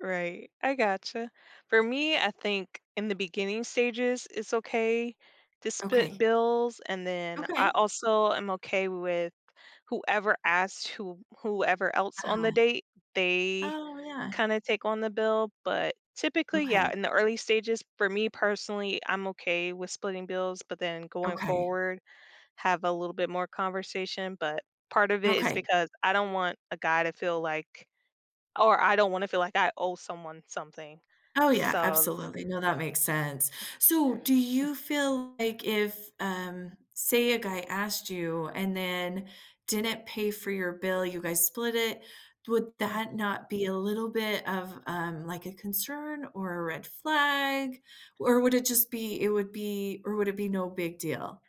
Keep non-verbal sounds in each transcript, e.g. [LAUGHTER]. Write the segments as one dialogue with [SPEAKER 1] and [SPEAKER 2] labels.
[SPEAKER 1] Right, I gotcha. For me, I think in the beginning stages, it's okay to split
[SPEAKER 2] Okay.
[SPEAKER 1] bills and then, I
[SPEAKER 2] Okay.
[SPEAKER 1] also am okay with whoever asked whom whoever else on the
[SPEAKER 2] Uh-huh.
[SPEAKER 1] date, they
[SPEAKER 2] Oh, yeah.
[SPEAKER 1] kinda take on the bill, but typically, yeah,
[SPEAKER 2] Okay.
[SPEAKER 1] in the early stages, for me personally, I'm okay with splitting bills, but then going
[SPEAKER 2] Okay.
[SPEAKER 1] forward, have a little bit more conversation, but part of it is
[SPEAKER 2] Okay.
[SPEAKER 1] because I don't want a guy to feel, like or I don't wanna feel, like, I owe someone something.
[SPEAKER 2] Oh, yeah,
[SPEAKER 1] So l
[SPEAKER 2] absolutely, no, that makes sense. So, do you feel, like, if, um, say, a guy asked you and then didn't pay for your bill, you guys split it, would
[SPEAKER 1] Huh.
[SPEAKER 2] that not be a little bit of, um, like, a concern or a red flag? Or would it just be it would be or would it be no big deal?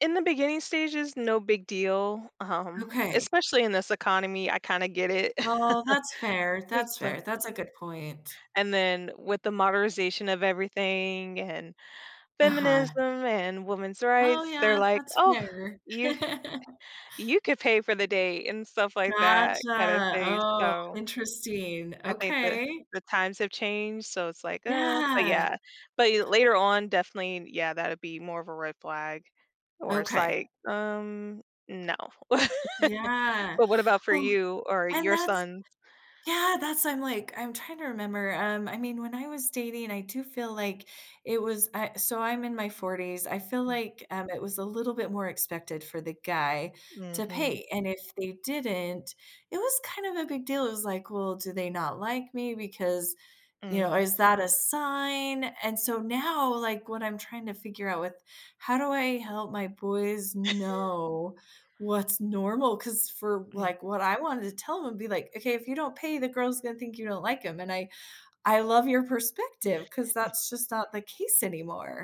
[SPEAKER 1] In the beginning stages, no big deal, um,
[SPEAKER 2] Okay.
[SPEAKER 1] especially in this economy, I kinda get it.
[SPEAKER 2] Well, that's
[SPEAKER 1] [CHUCKLES]
[SPEAKER 2] fair,
[SPEAKER 1] It's
[SPEAKER 2] that's
[SPEAKER 1] the
[SPEAKER 2] fair, that's a good point.
[SPEAKER 1] and then with the modernization of everything, and
[SPEAKER 2] Uh-huh.
[SPEAKER 1] feminism, and women's
[SPEAKER 2] Oh,
[SPEAKER 1] rights, they're,
[SPEAKER 2] yeah,
[SPEAKER 1] like,
[SPEAKER 2] that's
[SPEAKER 1] "Oh,
[SPEAKER 2] fair.
[SPEAKER 1] you c
[SPEAKER 2] [LAUGHS]
[SPEAKER 1] you could pay for the date" and stuff like that kinda
[SPEAKER 2] Gotcha.
[SPEAKER 1] thing,
[SPEAKER 2] Oh,
[SPEAKER 1] so
[SPEAKER 2] interesting,
[SPEAKER 1] I think the
[SPEAKER 2] okay.
[SPEAKER 1] the times have changed, so it's, like, "Uh" But
[SPEAKER 2] Yeah.
[SPEAKER 1] yeah, but you later on, definitely yeah, that'd be more of a red flag, or it's,
[SPEAKER 2] Okay.
[SPEAKER 1] like, "Um, no." [CHUCKLES]
[SPEAKER 2] Yeah,
[SPEAKER 1] But what about for
[SPEAKER 2] well
[SPEAKER 1] you or
[SPEAKER 2] and
[SPEAKER 1] your
[SPEAKER 2] that's
[SPEAKER 1] son?
[SPEAKER 2] yeah, that's I'm, like, I'm trying to remember, um I mean, when I was dating, I do feel, like, it was a so, I'm in my 40s. I feel,
[SPEAKER 1] Mm.
[SPEAKER 2] like, um, it was a little bit more expected for the guy to
[SPEAKER 1] Mhm.
[SPEAKER 2] pay and if they didn't, it was kind of a big deal, it was, like, "Well, do they not like me because, you know
[SPEAKER 1] Mhm.
[SPEAKER 2] is that a sign?" And so, now, like, what I'm trying to figure out with how do I help my boys
[SPEAKER 1] [CHUCKLES]
[SPEAKER 2] know what's normal 'cause for,
[SPEAKER 1] Yeah.
[SPEAKER 2] like what I wanted to tell 'em be, like, "Okay, if you don't pay the girls gonna think you don't like 'em." And I I love your perspective 'cause
[SPEAKER 1] [CHUCKLES]
[SPEAKER 2] that's just not the case anymore.